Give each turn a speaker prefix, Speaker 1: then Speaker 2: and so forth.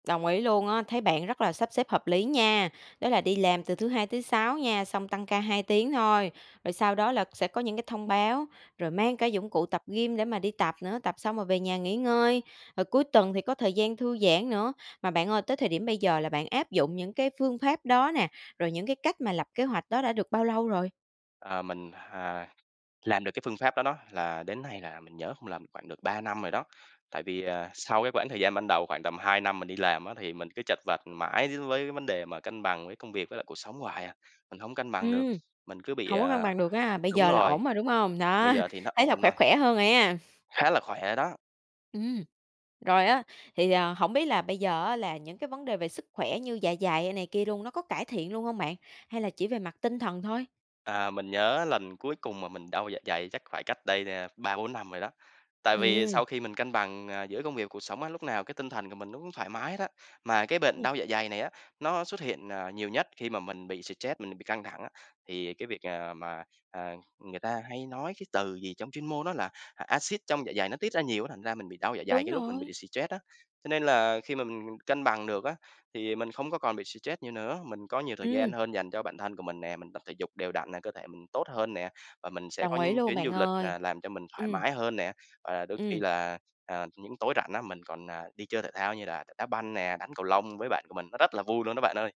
Speaker 1: Đồng ý luôn á, thấy bạn rất là sắp xếp hợp lý nha. Đó là đi làm từ thứ Hai thứ Sáu nha, xong tăng ca 2 tiếng thôi, rồi sau đó là sẽ có những cái thông báo, rồi mang cả dụng cụ tập gym để mà đi tập nữa, tập xong rồi về nhà nghỉ ngơi, rồi cuối tuần thì có thời gian thư giãn nữa. Mà bạn ơi tới thời điểm bây giờ là bạn áp dụng những cái phương pháp đó nè, rồi những cái cách mà lập kế hoạch đó đã được bao lâu rồi?
Speaker 2: Ờ, mình, hà, làm được cái phương pháp đó đó, là đến nay là mình nhớ không lầm khoảng được 3 năm rồi đó. Tại vì, à, sau cái quãng thời gian ban đầu khoảng tầm 2 năm mình đi làm á thì mình cứ chật vật mãi d với vấn đề mà cân bằng với công việc với lại cuộc sống hoài à, mình hông cân bằng được,
Speaker 1: Ừm,
Speaker 2: mình cứ bị,
Speaker 1: hổng có cân
Speaker 2: à
Speaker 1: bằng được ha. Bây
Speaker 2: đúng
Speaker 1: giờ là
Speaker 2: rồi,
Speaker 1: ổn rồi, đúng hông?
Speaker 2: bây
Speaker 1: Đó,
Speaker 2: giờ thì nó
Speaker 1: thấy là
Speaker 2: ổn
Speaker 1: khỏe,
Speaker 2: rồi.
Speaker 1: khỏe hơn rồi a.
Speaker 2: Khá là khỏe đó.
Speaker 1: Ừm. Rồi á, thì, ờ, hổng biết là bây giờ á là những cái vấn đề về sức khỏe như dạ dày, ơ, này kia luôn, nó có cải thiện luôn hông bạn? Hay là chỉ về mặt tinh thần thôi?
Speaker 2: À, mình nhớ lần cuối cùng mà mình đau dạ dày chắc phải cách đây nè 3-4 năm rồi đó. Tại vì
Speaker 1: Ừm.
Speaker 2: sau khi mình cân bằng, ờ, giữa công việc cuộc sống á, lúc nào cái tinh thần của mình nó cũng thoải mái hết á, mà cái bệnh đau dạ dày này á, nó xuất hiện, ờ, nhiều nhất khi mà mình bị stress, mình bị căng thẳng á. Thì cái việc, ờ, mà, ờ, người ta hay nói cái từ gì trong chuyên môn nó là, à, axit trong dạ dày nó tiết ra nhiều á, thành ra mình bị đau dạ dày
Speaker 1: Đúng
Speaker 2: cái lúc mình
Speaker 1: rồi.
Speaker 2: bị stress á. Cho nên là khi mà mình mình cân bằng được á, thì, ờ, mình không có còn bị stress nhiều nữa, mình có nhiều thời gian
Speaker 1: Ừm.
Speaker 2: hơn dành cho bản thân của mình nè, mình tập thể dục đều đặn nè, cơ thể mình tốt hơn nè, và mình sẽ có
Speaker 1: Đồng ý
Speaker 2: những
Speaker 1: luôn
Speaker 2: chuyến
Speaker 1: bạn
Speaker 2: du lịch,
Speaker 1: ơi.
Speaker 2: à, làm cho mình thoải
Speaker 1: Ừm.
Speaker 2: mái hơn nè. Ờ, đôi khi
Speaker 1: Ừm.
Speaker 2: là, ờ, những tối rảnh á, mình còn, à, đi chơi thể thao như đà đá banh nè, đánh cầu lông với bạn của mình, nó rất là vui luôn đó bạn ơi.